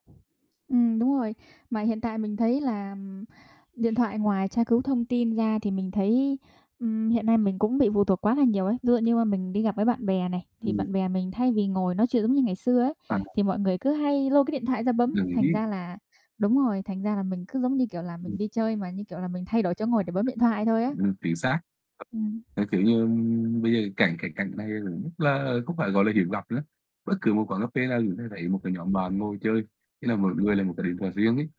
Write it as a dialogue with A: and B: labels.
A: Ừm, đúng rồi. Mà hiện tại mình thấy là điện thoại ngoài tra cứu thông tin ra thì mình thấy, ừm, hiện nay mình cũng bị phụ thuộc quá là nhiều ấy. Ví dụ như mà mình đi gặp với bạn bè này, thì
B: Ừm.
A: bạn bè mình thay vì ngồi nói chuyện giống như ngày xưa ấy,
B: À, à.
A: thì mọi người cứ hay lôi cái điện thoại ra bấm,
B: Đồng
A: thành
B: ý.
A: ra là đúng rồi, thành ra là mình cứ giống như, kiểu là, mình
B: Ừm.
A: đi chơi mà, như kiểu là, mình thay đổi chỗ ngồi để bấm điện thoại thôi á.
B: Ừm, chính xác.
A: Ừm.
B: Ơ, kiểu như, bây giờ cảnh cảnh cảnh này [unintelligible] là không phải, gọi là, hiếm gặp nữa. Bất cứ một quán cà phê nào cũng sẽ thấy thấy một cái nhóm bạn ngồi chơi, ý là mỗi người là một cái điện thoại riêng ấy.